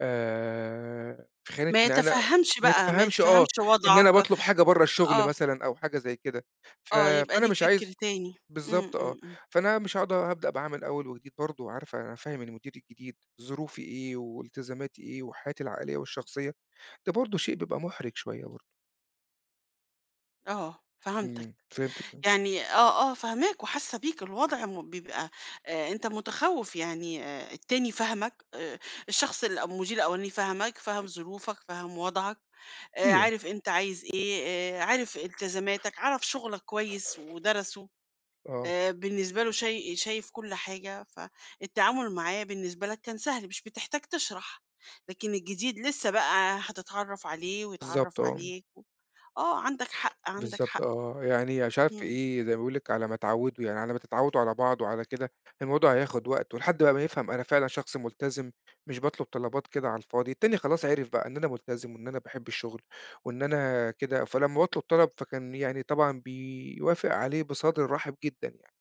آآ، في خانة ما إن أنا يتفهّمش ما بقى، ما يتفهَمش آه، يتفهّمش إن أنا وضْعك. باطلُب حاجة برّه الشغل آه. مثلًا أو حاجة زي كده، ف آه يبقى فأنا ليه مش فِكر عايز تاني. إمم، بالضبط آه، إمم، إمم. فأنا مش هاقعُد هابدأ بقى من أول وجديد برضه، وعارفة هافهِّم المدير الجديد ظروفي إيه وإلتزاماتي إيه و حياتي العائلية والشخصية، ده برضه شيء بيبقى مُحرِج شوية برضه. آه، فهَمتك، إمم، فهمتِك، آه. يعني آه، آه، فاهماك وحاسّة بيك، الوضع م بيبقى آآ، أنت مُتخوِّف، يعني آآ، التاني فاهمك آآ، الشخص الأو المديرالأولاني فاهمك، فاهم ظروفك، فاهم وضْعك، آآ، أيوه. عارف أنت عايز إيه، آآ عارف إلتزاماتك، عرَف شُغلك كويس ودرَسه آه. آآ، بالنسبة له شاي شايف كلّ حاجة، فالتعامل معاه بالنسبة لك كان سهل، مش بتحتاج تشرَح، لكن الجديد لسه بقى هتتعرّف عليه بالضبط ويتعرّف آه. عليك و آه، عَندك حق، عَندك بالضبط حق. آه، يعني أنا مش عارف في إمم. إيه، زي ما باقول لِك على ما تعوّده يعني على ما تتعوّدوا على بعض وعلى كده، الموضوع هياخد وقت ولحد بقى ما يفهَم أنا فعلًا شخص ملتزِم، مش باطلُب طلبات كده على الفاضي، التاني خلاص عرِف بقى إن أنا ملتزِم وإن أنا باحب الشغل وإن أنا كده، فلما باطلُب طلَب فكان يعني طبعًا بيوافق عليه بصدر رحِب جدًا يعني،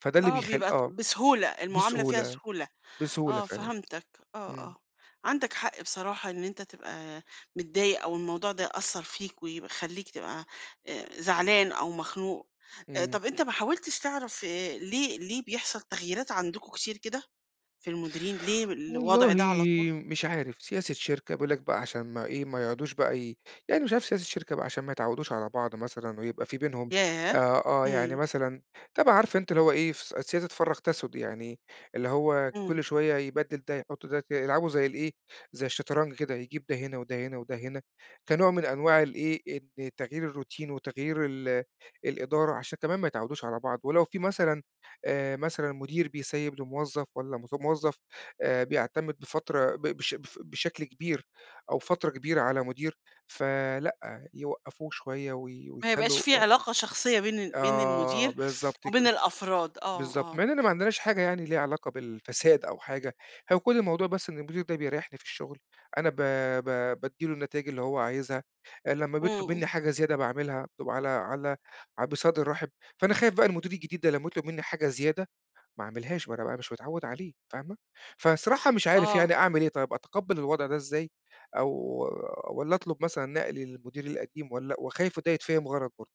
فده اللي آه، بيخل بيبقى ت آه. بسهولة، المعاملة فيها بسهولة، سهولة، بسهولة آه فعلًا. فهَمتك، آه، إمم. آه، عندَك حق بصراحة إن أنت تبقى متضايق أو الموضوع ده يأثّر فيك ويبق يخلّيك تبقى آآ زعلان أو مخنوق. أ إمم. طَب أنت ما حاولتش تعرَف ليه ليه بيحصَل تغيّيرات عَندكم كتير كده في المديرين، ليه والله الوضْع ده على طُول؟ مش عارف، سياسة شركة بيقول لك بقى عشان ما إيه، ما يقعُدوش بقى ي يعني مش عارف سياسة شركة بقى عشان ما يتعوّدوش على بعْض مثلًا ويبقى في بينهم ياه! آآ، آه يعني إمم. مثلًا، طبعًا عارفة أنتِ اللي هو إيه، فس سياسة فرّق تسُد يعني، اللي هو إمم. كلّ شوية يبدّل ده يحُط ده، ي يلعبوا زي الإيه، زي الشطرنج كده، يجيب ده هنا وده هنا وده هنا كنوع من أنواع الإيه، إن تغيير الروتين وتغيير ال الإدارة، عشان كمان ما يتعوّدوش على بعْض، ولو في مثلًا آآ، مثلًا مدير بيسيّب لموظف والَّا مظ موَّظف آآ، بيعتمد بفترة ب بش ب بشكل كبير أو فترة كبيرة على مدير، فلأ يوقّفوه شوية وي ما يبقاش ويخلّوا في آه. علاقة شخصية بين ال بين آه المدير بالضبط وبين كده، الأفراد. آه، بالضبط، آه. مع إننا ما عندناش حاجة يعني ليها علاقة بالفساد أو حاجة، هو كلّ الموضوع بس إن المدير ده بيريّحني في الشغل، أنا ب ب بادِّي له النتايج اللي هو عايزها، لمّا بيطلُب إمم. منّي حاجة زيادة باعملها وعلى على ع بصدر رحِب، فأنا خايف بقى المدير الجديد ده لمّا يطلُب منّي حاجة زيادة ما اعملهاش، ما أنا بقى مش متعوّد عليه فاهمة، فالصراحة مش عارف آه. يعني أعمل إيه طيب، أتقبّل الوضْع ده إزاي أو والّا أطلُب مثلًا نقلي للمدير القديم، والّا وخايف وده يتفهَم غلَط برضه.